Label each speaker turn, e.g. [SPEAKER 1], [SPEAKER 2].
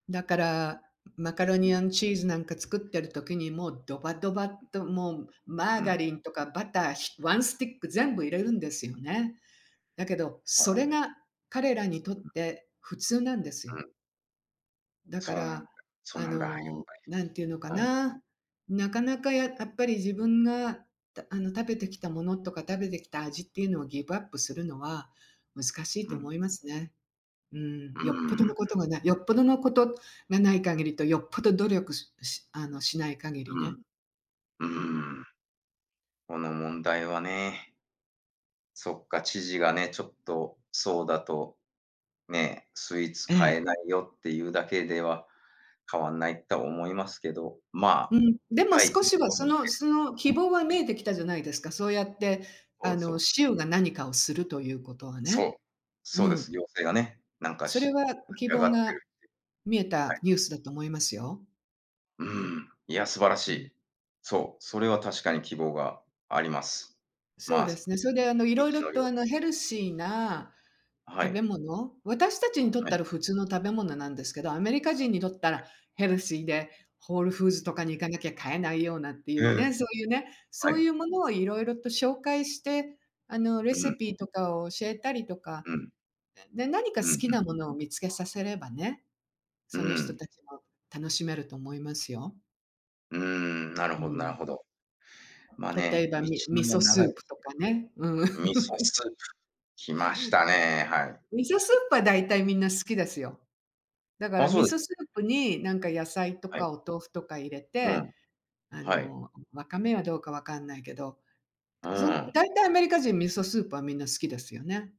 [SPEAKER 1] だから、マカロ
[SPEAKER 2] う
[SPEAKER 1] ニア
[SPEAKER 2] ん。
[SPEAKER 1] ンドチーズなんか作ってる時にもうドバドバ
[SPEAKER 2] う
[SPEAKER 1] っ
[SPEAKER 2] ん。
[SPEAKER 1] ともうマ
[SPEAKER 2] う
[SPEAKER 1] ーガ
[SPEAKER 2] ん。
[SPEAKER 1] リンとかバター、ひワンスティック全部入れるんですよね。だけど、
[SPEAKER 2] そう
[SPEAKER 1] そ
[SPEAKER 2] なん
[SPEAKER 1] れ
[SPEAKER 2] です。
[SPEAKER 1] が彼らにとっ
[SPEAKER 2] うん。
[SPEAKER 1] て普通なんです
[SPEAKER 2] う
[SPEAKER 1] よ。
[SPEAKER 2] ん。
[SPEAKER 1] だ
[SPEAKER 2] そ
[SPEAKER 1] か
[SPEAKER 2] うなんだ。
[SPEAKER 1] ら、
[SPEAKER 2] そう
[SPEAKER 1] あ
[SPEAKER 2] なんだ。やっ
[SPEAKER 1] の、なんていうのか
[SPEAKER 2] ぱり。うん。
[SPEAKER 1] な、なかなかややっぱり自分があの食べてきたものとか食べてきた味っていうのをギブアップするのは難しい
[SPEAKER 2] う
[SPEAKER 1] と
[SPEAKER 2] ん。
[SPEAKER 1] 思いますね。うん、
[SPEAKER 2] うー
[SPEAKER 1] よっぽどの
[SPEAKER 2] ん。
[SPEAKER 1] ことがないよっぽどのことがない限りとよっぽど努力ししあのしない限り
[SPEAKER 2] う
[SPEAKER 1] ね、
[SPEAKER 2] ん。う
[SPEAKER 1] うん。
[SPEAKER 2] ーん。この問題はね。そっか、知事がね、ちょっとそうだと、ね、スイーツ
[SPEAKER 1] え
[SPEAKER 2] 買え
[SPEAKER 1] え。
[SPEAKER 2] ないよっていうだけでは変わんないとは思いますけど、ま、
[SPEAKER 1] うん、でも
[SPEAKER 2] たい
[SPEAKER 1] 少し
[SPEAKER 2] [unintelligible]
[SPEAKER 1] は
[SPEAKER 2] と
[SPEAKER 1] そ
[SPEAKER 2] し
[SPEAKER 1] の
[SPEAKER 2] て、
[SPEAKER 1] その
[SPEAKER 2] う
[SPEAKER 1] 希
[SPEAKER 2] ん。
[SPEAKER 1] 望が見えてきたじゃないですか。そうやって
[SPEAKER 2] そ
[SPEAKER 1] あ
[SPEAKER 2] うそ
[SPEAKER 1] の
[SPEAKER 2] う。
[SPEAKER 1] 州が何かをするということは
[SPEAKER 2] そ
[SPEAKER 1] ね。
[SPEAKER 2] う、
[SPEAKER 1] う
[SPEAKER 2] そうです。
[SPEAKER 1] ん。
[SPEAKER 2] 行政がね、なんか
[SPEAKER 1] そ
[SPEAKER 2] し、
[SPEAKER 1] れ
[SPEAKER 2] 立
[SPEAKER 1] は
[SPEAKER 2] ち
[SPEAKER 1] 希
[SPEAKER 2] 上が
[SPEAKER 1] 望
[SPEAKER 2] って
[SPEAKER 1] が
[SPEAKER 2] るって
[SPEAKER 1] 見え
[SPEAKER 2] いう。は
[SPEAKER 1] た
[SPEAKER 2] い。
[SPEAKER 1] ニュースだと思いますよ。
[SPEAKER 2] うん、いや、素晴らし
[SPEAKER 1] うん。
[SPEAKER 2] い。そう、それは確かに希望があります。
[SPEAKER 1] そう
[SPEAKER 2] ま、
[SPEAKER 1] ですね。
[SPEAKER 2] 道
[SPEAKER 1] それであのいろいろ
[SPEAKER 2] のり
[SPEAKER 1] と
[SPEAKER 2] を。
[SPEAKER 1] あのヘルシーな
[SPEAKER 2] は
[SPEAKER 1] 食べ
[SPEAKER 2] い。
[SPEAKER 1] 物、私たちにとっ
[SPEAKER 2] は
[SPEAKER 1] た
[SPEAKER 2] い。
[SPEAKER 1] ら普通の食べ物なんですけど、アメリカ人にとった
[SPEAKER 2] はい。
[SPEAKER 1] らヘルシーでホールフー
[SPEAKER 2] は
[SPEAKER 1] ズと
[SPEAKER 2] い。
[SPEAKER 1] かに行かなきゃ買えないようなってい
[SPEAKER 2] え
[SPEAKER 1] うね、
[SPEAKER 2] え。
[SPEAKER 1] そういうね、
[SPEAKER 2] は
[SPEAKER 1] そうい
[SPEAKER 2] い。
[SPEAKER 1] うものをいろいろと紹介して、あのレ
[SPEAKER 2] うん。
[SPEAKER 1] シピとかを教えたりとか、
[SPEAKER 2] うん。
[SPEAKER 1] で、何か
[SPEAKER 2] う
[SPEAKER 1] 好
[SPEAKER 2] ん、
[SPEAKER 1] き
[SPEAKER 2] うん。
[SPEAKER 1] なものを見つけさせればね、
[SPEAKER 2] う
[SPEAKER 1] その人
[SPEAKER 2] ん。
[SPEAKER 1] たちも楽しめると思いますよ。
[SPEAKER 2] うーん、なる
[SPEAKER 1] う
[SPEAKER 2] ほどなる
[SPEAKER 1] ん。
[SPEAKER 2] ほど。ま
[SPEAKER 1] 例え
[SPEAKER 2] ね、
[SPEAKER 1] ば
[SPEAKER 2] 道
[SPEAKER 1] み味
[SPEAKER 2] のりは
[SPEAKER 1] 噌ス
[SPEAKER 2] 長
[SPEAKER 1] ー
[SPEAKER 2] いです。
[SPEAKER 1] プとかね。うん。
[SPEAKER 2] 味噌スープ、来ましたね、はい。
[SPEAKER 1] 味噌スープはだいたいみんな好きですよ。だか
[SPEAKER 2] あ、
[SPEAKER 1] ら
[SPEAKER 2] そ
[SPEAKER 1] 味
[SPEAKER 2] うですか。
[SPEAKER 1] 噌スープになんか野菜と
[SPEAKER 2] はい。
[SPEAKER 1] かお豆腐とか入れ
[SPEAKER 2] う
[SPEAKER 1] て、
[SPEAKER 2] ん、
[SPEAKER 1] あ
[SPEAKER 2] はい。
[SPEAKER 1] のわかめはどうかわかんないけど、
[SPEAKER 2] う
[SPEAKER 1] その
[SPEAKER 2] ん。
[SPEAKER 1] 大体アメリカ人は味噌スープはみんな好きですよね。